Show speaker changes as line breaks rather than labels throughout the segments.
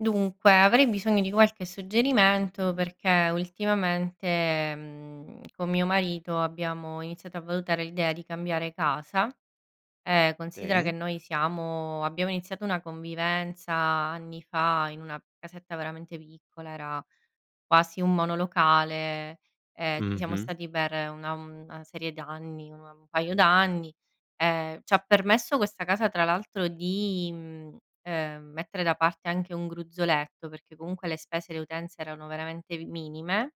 Dunque, avrei bisogno di qualche suggerimento, perché ultimamente, mhmm, con mio marito, abbiamo iniziato a valutare l'idea di cambiare casa. Ehm, considera che
Sì?
noi siamo abbiamo iniziato una convivenza anni fa, in una casetta veramente piccola, era quasi un monolocale, e ci siamo
Mh-mh.
stati per una una serie d'anni, una un paio d'anni. Ehm, ci ha permesso questa casa, tra l'altro, di, mhmm, ehm, mettere da parte anche un gruzzoletto, perché comunque le spese, le utenze erano veramente minime,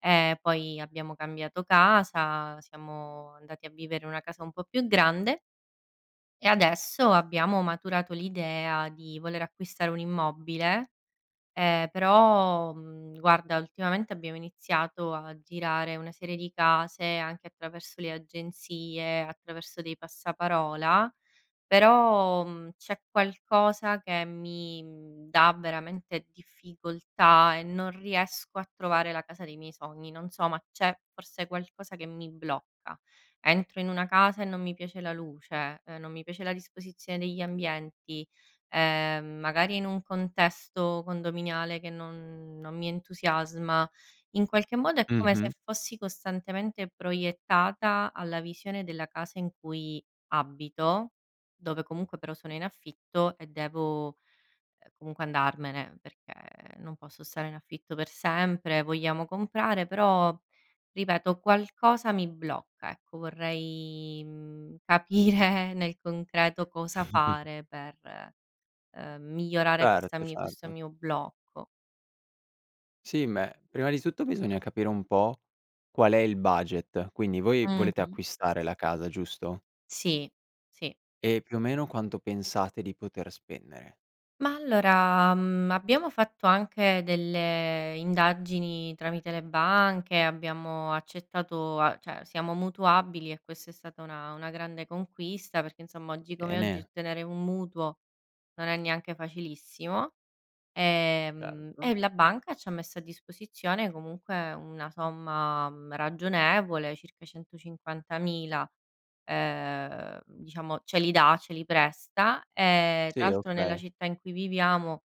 ehm, poi abbiamo cambiato casa, siamo andati a vivere in una casa un po' più grande e adesso, abbiamo maturato l'idea di voler acquistare un immobile, ehm, però, uhm, guarda, ultimamente abbiamo iniziato a girare una serie di case, anche attraverso le agenzie, attraverso dei passaparola, però, uhm, c'è qualcosa che mi dà veramente difficoltà, e non riesco a trovare la casa dei miei sogni. Non so, ma c'è forse qualcosa che mi blocca. Entro in una casa, e non mi piace la luce, non mi piace la disposizione degli ambienti, ehm, magari in un contesto condominiale che non non mi entusiasma. In qualche modo è come
Mh-mh.
se fossi costantemente proiettata, alla visione della casa in cui abito, dove comunque però sono in affitto, e devo comunque andarmene, perché non posso stare in affitto per sempre, vogliamo comprare, però, ripeto, qualcosa mi blocca, ecco. Vorrei, uhm, capire nel concreto cosa fare per, ehm, migliorare questa
Certo,
mia questo
certo.
mio blocco.
Sì, beh, prima di tutto bisogna capire un po' qual è il budget. Quindi, voi volete
Mh-mh.
acquistare la casa, giusto?
Sì, sì.
E più o meno, quanto pensate di poter spendere.
Ma, allora, uhm, abbiamo fatto anche delle indagini tramite le banche, abbiamo accettato a cioè siamo mutuabili, e questa è stata una una grande conquista perché, insomma, oggi
E
come oggi
ne
ottenere un mutuo non è neanche facilissimo. Ehm,
Certo.
e la banca ci ha messo a disposizione comunque una somma, mhmm, ragionevole, circa 150000, ehm, diciamo ce li dà, ce li presta. E tra
Sì
l'altro, nella
okay.
città in cui viviamo,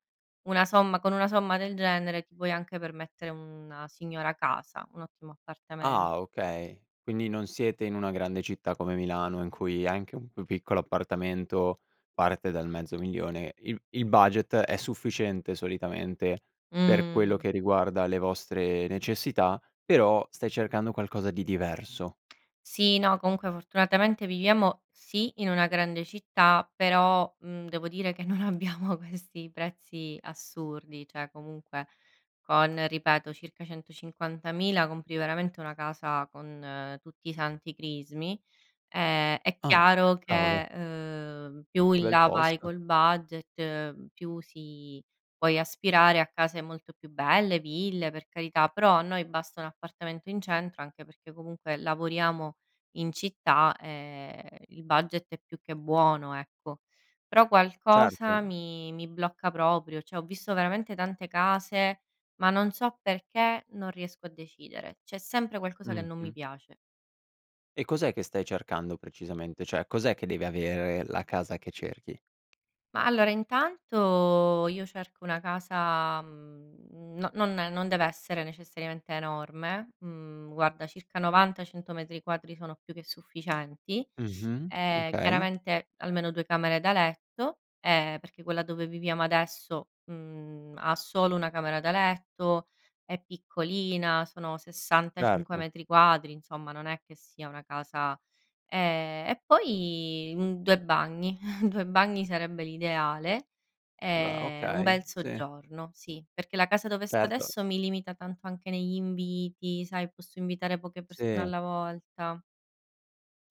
una somma con una somma del genere ti puoi anche permettere una signora casa, un ottimo
Ah,
appartamento.
okay. Quindi non siete in una grande città come Milano, in cui anche un più piccolo appartamento parte dal mezzo 1000000, il il budget è sufficiente solitamente per quello
Mhmm.
che riguarda le vostre necessità, però stai cercando qualcosa di diverso.
Sì, no, comunque fortunatamente viviamo sì, in una grande città, però, uhm, devo dire che non abbiamo questi prezzi assurdi, cioè comunque con, ripeto, circa 150000, compri veramente una casa con tutti i santi crismi, ehm, è
Ah,
chiaro che,
cavolo.
ehm, più
Che
in
bel
là vai
posto.
col budget, più si puoi aspirare a case molto più belle, ville, per carità. Però a noi basta un appartamento in centro, anche perché comunque lavoriamo in città e il budget è più che buono, ecco. Però qualcosa
Certo.
mi mi blocca proprio. Cioè ho visto veramente tante case, ma non so perché non riesco a decidere. C'è sempre qualcosa che non mi
Mh-mh.
piace.
E cos'è che stai cercando precisamente? Cioè, cos'è che deve avere la casa che cerchi?
Ma, allora intanto io cerco una casa, uhm, non non non deve essere necessariamente enorme, mhmm, guarda circa 90-100 metri quadri sono più che sufficienti.
Mh-mh.
Ehm,
Okay.
chiaramente, almeno 2 camere da letto, ehm, perché quella dove viviamo adesso, mhmm, ha solo 1 camera da letto, è piccolina, sono 65
Certo.
metri quadri, insomma, non è che sia una casa, ehm, e poi un 2 bagni, 2 bagni sarebbe l'ideale,
Beh
ehm, un
okay.
bel
Sì.
soggiorno sì, perché la casa dove sto
Certo.
adesso mi limita tanto anche negli inviti, sai, posso invitare poche persone
Sì.
alla volta.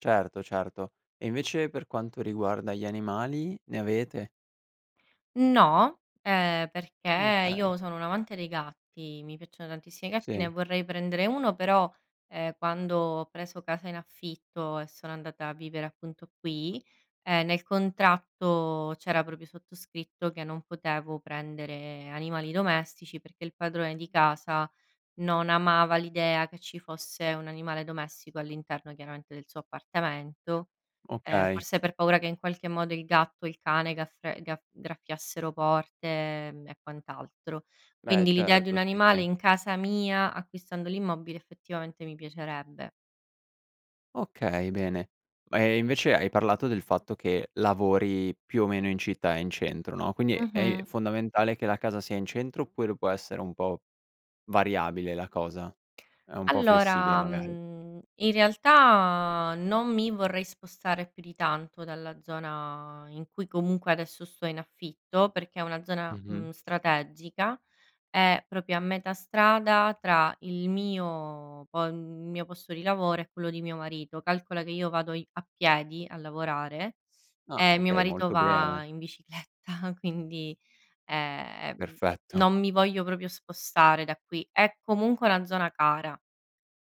Certo, certo. E invece per quanto riguarda gli animali, ne avete?
No, ehm, perché
Okay.
io sono un amante dei gatti, mi piacciono tantissimi i gatti, ne
Sì.
vorrei prendere uno però, ehm, quando ho preso casa in affitto, e sono andata a vivere appunto qui, ehm, nel contratto c'era proprio sottoscritto, che non potevo prendere animali domestici, perché il padrone di casa non amava l'idea che ci fosse un animale domestico all'interno, chiaramente, del suo appartamento. Ehm,
Okay.
forse per paura che in qualche modo il gatto o il cane gafr gafr graffiassero porte e, ehm, quant'altro.
Beh
Quindi l'idea di un
certo, sì,
animale
sì.
in casa mia, acquistando l'immobile, effettivamente mi piacerebbe.
Okay bene. E invece, hai parlato del fatto che, lavori più o meno in città e in centro, no, quindi è
Mh-mh.
fondamentale che la casa sia in centro, oppure può essere un po' variabile la cosa, è un po' flessibile,
Allora,
magari?
mhmm, in realtà, non mi vorrei spostare più di tanto dalla zona in cui comunque adesso sto in affitto, perché è una zona,
Mh-mh.
mhmm, strategica, è proprio a metà strada tra il mio po il mio posto di lavoro e quello di mio marito, calcola che io vado i a piedi a lavorare,
Ah,
e mio
okay,
marito
molto bene.
va in bicicletta, quindi, ehm,
Perfetto.
non mi voglio proprio spostare da qui. È comunque una zona cara,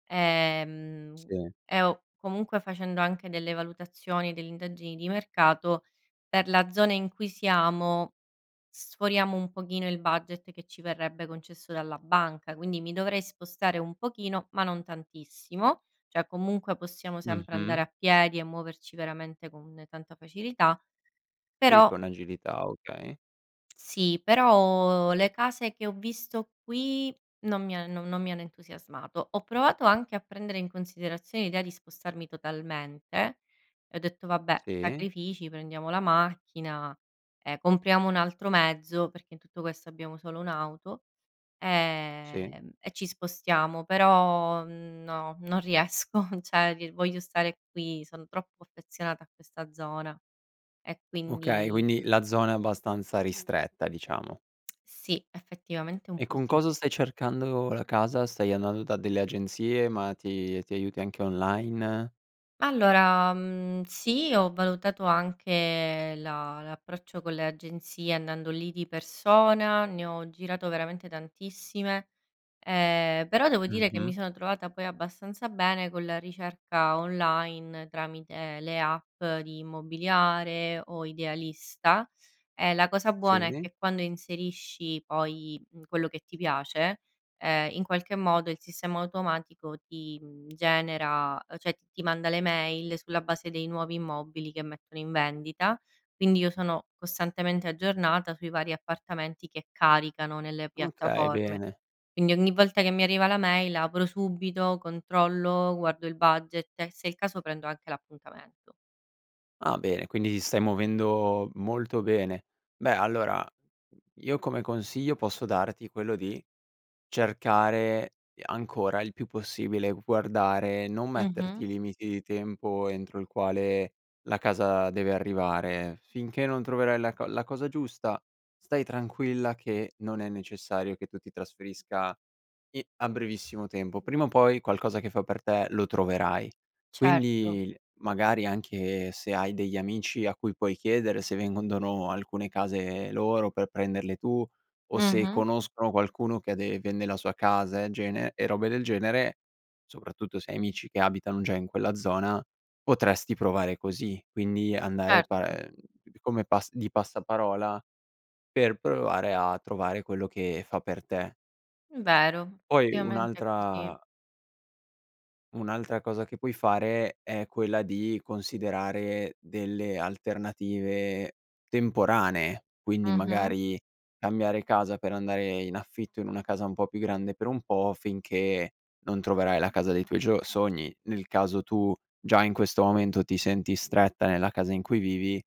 ehm,
Sì.
e ho comunque facendo anche delle valutazioni delle indagini di mercato per la zona in cui siamo, sforiamo un pochino il budget che ci verrebbe concesso dalla banca, quindi mi dovrei spostare un pochino ma non tantissimo, cioè comunque possiamo sempre andare
Mh-mh.
a piedi e muoverci veramente con tanta facilità,
Sì,
però
con agilità, okay.
sì, però le case che ho visto qui non mi ha non non mi hanno entusiasmato. Ho provato anche a prendere in considerazione l'idea di spostarmi totalmente, e ho detto: "Vabbè,
Sì.
sacrifici, prendiamo la macchina, ehm, compriamo 1 altro mezzo", perché in tutto questo abbiamo solo 1 auto,
Sì.
ehm, "E ci spostiamo". Però no, non riesco cioè voglio stare qui, son troppo affezionata a questa zona. E
Okay,
quindi
quindi la zona è abbastanza ristretta, diciamo.
Sì, effettivamente un
E
po'
con
sì.
cosa stai cercando la casa? Stai andando da delle agenzie, ma ti ti aiuti anche online?
Allora, uhm, sì, ho valutato anche la l'approccio con le agenzie andando lì di persona, ne ho girato veramente tantissime, ehm, però devo dire che mi
Mh-mh.
sono trovata poi abbastanza bene con la ricerca online, tramite le app di Immobiliare o Idealista, e la cosa buona è
Sì?
che quando inserisci poi, uhm, quello che ti piace, ehm, in qualche modo il sistema automatico ti, uhm, genera cioè ti manda le mail sulla base dei nuovi immobili che mettono in vendita, quindi io sono costantemente aggiornata sui vari appartamenti che caricano nelle
Okay,
piattaforme.
bene.
Quindi ogni volta che mi arriva la mail apro subito, controllo, guardo il budget e, se è il caso, prendo anche l'appuntamento.
Ah bene, quindi ti stai muovendo molto bene. Beh allora, io come consiglio posso darti quello di cercare ancora il più possibile, guardare e non
Mh-mh.
metterti limiti di tempo entro il quale la casa deve arrivare, finché non troverai la co la cosa giusta stai tranquilla, che non è necessario che tu ti trasferisca i a brevissimo tempo. Prima o poi qualcosa che fa per te lo troverai.
Certo.
Quindi magari anche se hai degli amici a cui puoi chiedere se vendono alcune case loro per prenderle tu, o se
Mh-mh.
conoscono qualcuno che ha de vende la sua casa e gene e robe del genere, soprattutto se hai amici che abitano già in quella zona, potresti provare così, quindi andare par
Certo.
ehm p p come pas di passaparola per provare a trovare quello che fa per te.
Vero,
Poi
ovviamente è così.
un'altra un'altra cosa che puoi fare è quella di considerare delle alternative temporanee, quindi
Mh-mh.
magari cambiare casa per andare in affitto in una casa un po' più grande per un po', finché non troverai la casa dei tuoi gio sogni, nel caso tu già in questo momento ti senti stretta nella casa in cui vivi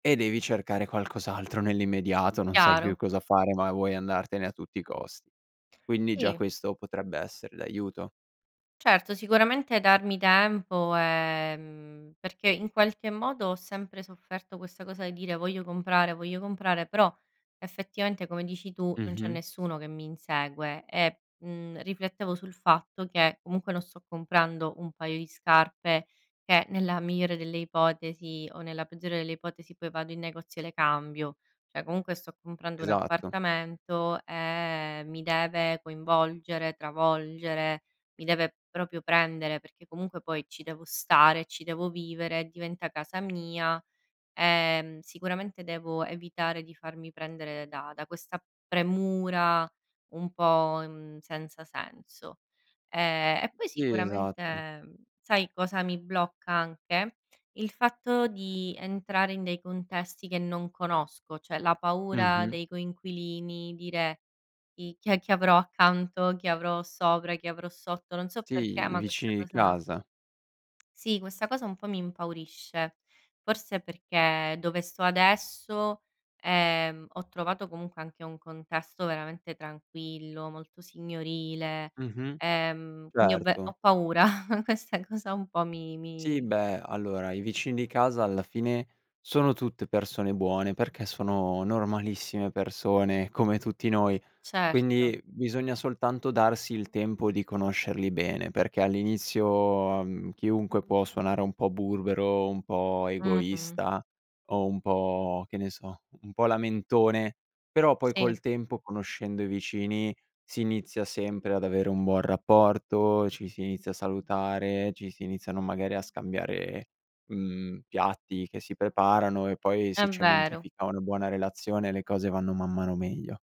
e devi cercare qualcos'altro nell'immediato. Non sai più
Chiaro.
cosa fare ma vuoi andartene a tutti i costi. Quindi già
Sì.
questo potrebbe essere d'aiuto.
Certo sicuramente darmi tempo ehm perché in qualche modo ho sempre sofferto questa cosa di dire: "Voglio comprare, voglio comprare" però effettivamente, come dici tu, non c'è
Mh-mh.
nessuno che mi insegue e, mhmm, riflettevo sul fatto che comunque non sto comprando un paio di scarpe, che nella migliore delle ipotesi o nella peggiore delle ipotesi poi vado in negozio e le cambio. Cioè comunque sto comprando un
Esatto.
appartamento e mi deve coinvolgere, travolgere, mi deve proprio prendere, perché comunque poi ci devo stare, ci devo vivere, diventa casa mia, ehm, sicuramente devo evitare di farmi prendere da da questa premura un po' mhmm, senza senso, ehm, e poi
Sì, esatto.
sicuramente sai cosa mi blocca anche? Il fatto di entrare in dei contesti che non conosco, cioè la paura
Mh-mh.
dei coinquilini dire "i chi è che avrò accanto, chi avrò sopra, chi avrò sotto" non so perché
Sì i
ma questa
vicini di
cosa
casa.
sì, questa cosa un po' mi impaurisce, forse perché dove sto adesso, ehm, ho trovato comunque anche un contesto veramente tranquillo, molto signorile,
Mh-mh,
ehm, quindi ho ve
certo.
ho paura questa cosa un po' mi
Sì
mi
beh allora, i vicini di casa alla fine, sono tutte persone buone perché sono normalissime persone come tutti noi,
Certo.
quindi bisogna soltanto darsi il tempo di conoscerli bene, perché all'inizio, ehm, chiunque può suonare un po' burbero, un po'
Mh-mh.
egoista o un po', che ne so, un po' lamentone però poi
Sì.
col tempo conoscendo i vicini si inizia sempre ad avere un buon rapporto, ci si inizia a salutare, ci si iniziano magari a scambiare, mhmm, piatti che si preparano e poi
È
si
vero.
cementifica una buona relazione le cose vanno man mano meglio.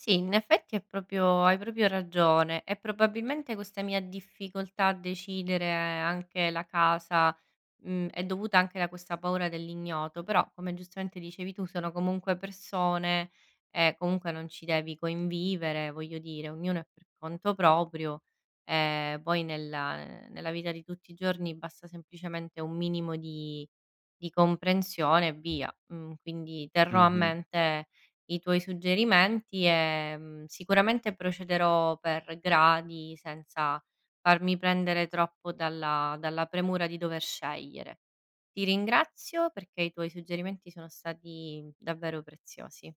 Sì in effetti è proprio hai proprio ragione e probabilmente questa mia difficoltà a decidere anche la casa, mhmm, è dovuta anche da questa paura dell'ignoto però, come giustamente dicevi tu, sono comunque persone e comunque non ci devi convivere voglio dire, ognuno è per conto proprio, ehm, poi nella, ehm, nella vita di tutti i giorni basta semplicemente un minimo di di comprensione e via, uhm, quindi terrò a
Mh-mh.
mente i tuoi suggerimenti e, mhmm, sicuramente procederò per gradi senza farmi prendere troppo dalla dalla premura di dover scegliere. Ti ringrazio perché i tuoi suggerimenti sono stati davvero preziosi.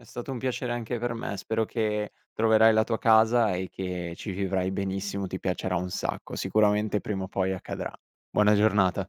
È stato un piacere anche per me, spero che troverai la tua casa e che ci vivrai benissimo, ti piacerà un sacco, sicuramente prima o poi accadrà. Buona giornata.